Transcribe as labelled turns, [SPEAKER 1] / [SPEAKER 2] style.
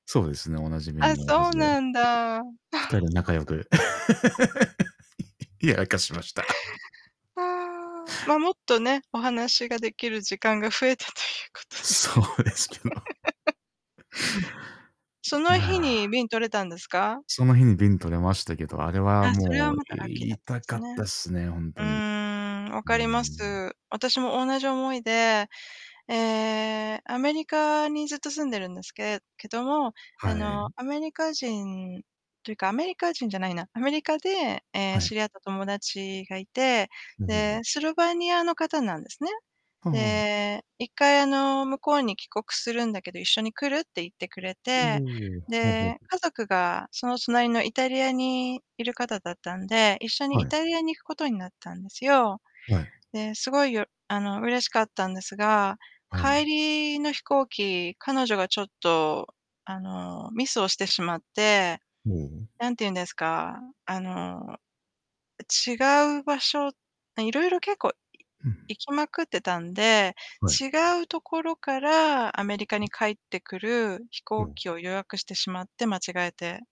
[SPEAKER 1] そうですね、お馴染みに
[SPEAKER 2] あ、
[SPEAKER 1] なるは
[SPEAKER 2] そう
[SPEAKER 1] ずで
[SPEAKER 2] なんだ。あ。
[SPEAKER 1] 2人仲良く いや、明かしました。
[SPEAKER 2] ああ、ま、もっとね、お話ができる時間が増えたということで
[SPEAKER 1] そうですけど。
[SPEAKER 2] そ
[SPEAKER 1] うー
[SPEAKER 2] の日に
[SPEAKER 1] ん。
[SPEAKER 2] 便、取れたんですか？
[SPEAKER 1] その日に便取れましたけど、あれは
[SPEAKER 2] あ、それ
[SPEAKER 1] も
[SPEAKER 2] は
[SPEAKER 1] う
[SPEAKER 2] またラッキーだったで
[SPEAKER 1] 痛か
[SPEAKER 2] す
[SPEAKER 1] ったっ
[SPEAKER 2] ね。
[SPEAKER 1] すね、ほん
[SPEAKER 2] うー
[SPEAKER 1] とに。
[SPEAKER 2] ん、わ
[SPEAKER 1] う
[SPEAKER 2] かりま
[SPEAKER 1] ん。
[SPEAKER 2] す。私も同じ思いで、ええ、アメリカにずっと住んでるんですけけども、
[SPEAKER 1] は
[SPEAKER 2] あの、
[SPEAKER 1] い。
[SPEAKER 2] アメリカ人というか、アメリカ人じゃないな、アメリカで、ええ、
[SPEAKER 1] はい。
[SPEAKER 2] 知り合った友達がいて、
[SPEAKER 1] ほほ
[SPEAKER 2] で、
[SPEAKER 1] ほ。
[SPEAKER 2] スロバニアの方なんですね。
[SPEAKER 1] はあ。
[SPEAKER 2] で、一回あの「向こうに帰国するんだけど一緒に来る？」って言ってくれ
[SPEAKER 1] お
[SPEAKER 2] て、
[SPEAKER 1] お、はあはあ。
[SPEAKER 2] で、家族がその隣のイタリアにいる方だったんで、一緒に
[SPEAKER 1] は
[SPEAKER 2] イ
[SPEAKER 1] い。
[SPEAKER 2] タリアに行くことになったんですよ。
[SPEAKER 1] はい。
[SPEAKER 2] で、すごいよあの、嬉しかったんですが、
[SPEAKER 1] はい。
[SPEAKER 2] 帰りの飛行機、彼女がちょっとあの、ミスをしてしまって、
[SPEAKER 1] ほお。
[SPEAKER 2] なんて言うんですか、あの、違う場所色々結構い
[SPEAKER 1] うん。
[SPEAKER 2] 行きまくってたんで、
[SPEAKER 1] はい。
[SPEAKER 2] 違うところからアメリカに帰ってくる飛
[SPEAKER 1] ほ
[SPEAKER 2] 行
[SPEAKER 1] お。
[SPEAKER 2] 機を予約してしまって、間違えて。